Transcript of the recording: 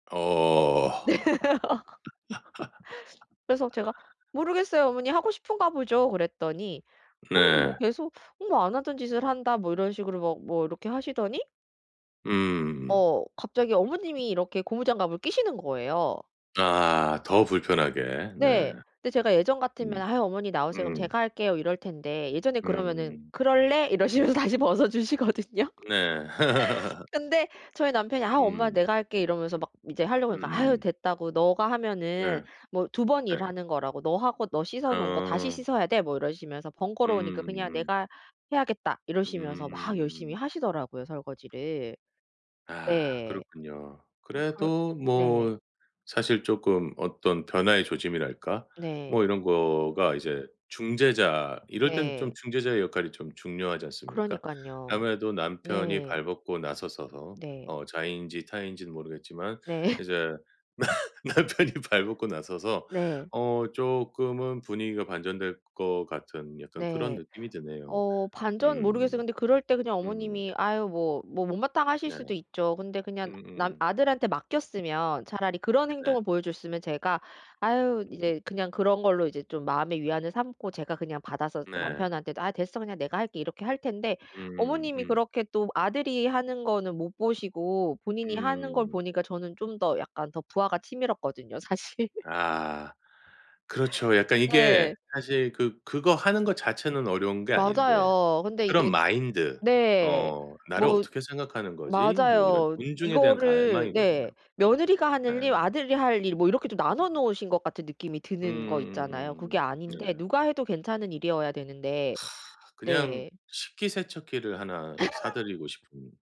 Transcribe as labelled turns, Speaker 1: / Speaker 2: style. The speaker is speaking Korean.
Speaker 1: 어.
Speaker 2: 네. 그래서 제가 "모르겠어요 어머니. 하고 싶은가 보죠." 그랬더니 어 뭐
Speaker 1: 네.
Speaker 2: 계속 뭐 "안 하던 짓을 한다." 뭐 이런 식으로 막 뭐 이렇게 하시더니
Speaker 1: 음음음.
Speaker 2: 어 갑자기 어머님이 이렇게 고무장갑을 끼시는 거예요.
Speaker 1: 아 더 불편하게. 네.
Speaker 2: 네. 근데 제가 예전 같으면
Speaker 1: 음.
Speaker 2: "아유 어머니 나오세요. 그럼
Speaker 1: 음.
Speaker 2: 제가 할게요." 이럴 텐데 예전에 그러면은
Speaker 1: 음음음.
Speaker 2: "그럴래?"
Speaker 1: 음.
Speaker 2: 이러시면서 다시 벗어 주시거든요.
Speaker 1: 네.
Speaker 2: 근데 저희 남편이 "아 엄마
Speaker 1: 음.
Speaker 2: 내가 할게." 이러면서 막 이제 하려고 하니까 아
Speaker 1: 음음음.
Speaker 2: 됐다고 너가 하면은
Speaker 1: 예.
Speaker 2: 뭐 2 번
Speaker 1: 예.
Speaker 2: 일하는 거라고. "너 하고 너 씻어 놓은 거 다시
Speaker 1: 어.
Speaker 2: 씻어야 돼." 뭐 이러시면서
Speaker 1: 음
Speaker 2: "번거로우니까 그냥
Speaker 1: 음.
Speaker 2: 내가 해야겠다." 이러시면서 막 열심히
Speaker 1: 음.
Speaker 2: 하시더라고요 설거지를.
Speaker 1: 아
Speaker 2: 네.
Speaker 1: 그렇군요.
Speaker 2: 아 그럴
Speaker 1: 그래도
Speaker 2: 네.
Speaker 1: 뭐 사실 쪼끔 어떤 변화의 조짐이랄까
Speaker 2: 네.
Speaker 1: 뭐 이런 거가 이제 중재자 이럴 땐 좀
Speaker 2: 네.
Speaker 1: 중재자의 역할이 좀 중요하지 않습니까?
Speaker 2: 그러니깐요.
Speaker 1: 아무래도 남편이
Speaker 2: 네.
Speaker 1: 발 벗고 나셔서서
Speaker 2: 네.
Speaker 1: 어 자의인지 타의인지는 모르겠지만
Speaker 2: 네.
Speaker 1: 이제 나 남편이 발 벗고 나서서
Speaker 2: 네.
Speaker 1: 어 쪼끔은 분위기가 반전될 것 같은 약간 그런
Speaker 2: 네.
Speaker 1: 느낌이 드네요.
Speaker 2: 어 반전 모르겠어요.
Speaker 1: 음.
Speaker 2: 근데 그럴 때 그냥
Speaker 1: 음.
Speaker 2: 어머님이 아유 뭐 뭐 못마땅하실
Speaker 1: 네.
Speaker 2: 수도 있죠. 근데 그냥 나
Speaker 1: 음음음.
Speaker 2: 아들한테 맡겼으면 차라리 그런
Speaker 1: 네.
Speaker 2: 행동을 보여 줬으면 제가 아유
Speaker 1: 음.
Speaker 2: 이제 그냥 그런 걸로 이제 좀 마음의 위안을 삼고 제가 그냥 받아서
Speaker 1: 네.
Speaker 2: 남편한테도 "아 됐어. 그냥 내가 할게." 이렇게 할 텐데
Speaker 1: 음음음
Speaker 2: 어머님이
Speaker 1: 음.
Speaker 2: 그렇게 또 아들이 하는 거는 못 보시고 본인이 하는 걸
Speaker 1: 음.
Speaker 2: 보니까 저는 좀 더 약간 더 부아가 치밀었거든요 사실.
Speaker 1: 아 그렇죠. 약간 이게
Speaker 2: 네.
Speaker 1: 사실 그 그거 하는 것 자체는 어려운 게 아닌데
Speaker 2: 맞아요. 근데
Speaker 1: 그런
Speaker 2: 이게
Speaker 1: 마인드
Speaker 2: 네.
Speaker 1: 어 '나를
Speaker 2: 뭐
Speaker 1: 어떻게 생각하는 거지?' 뭐 이런
Speaker 2: 맞아요.
Speaker 1: 존중에 대한
Speaker 2: 이거를 네
Speaker 1: 갈망이거든요.
Speaker 2: 며느리가
Speaker 1: 예.
Speaker 2: 하늘 일, 아들이 할 일 뭐 이렇게 좀 나눠 놓으신 것 같은 느낌이
Speaker 1: 음
Speaker 2: 드는 거
Speaker 1: 음
Speaker 2: 있잖아요. 그게
Speaker 1: 음 음. 네.
Speaker 2: 아닌데 누가 해도 괜찮은 일이어야 되는데
Speaker 1: 그냥
Speaker 2: 네.
Speaker 1: 식기세척기를 하나 사 드리고 싶은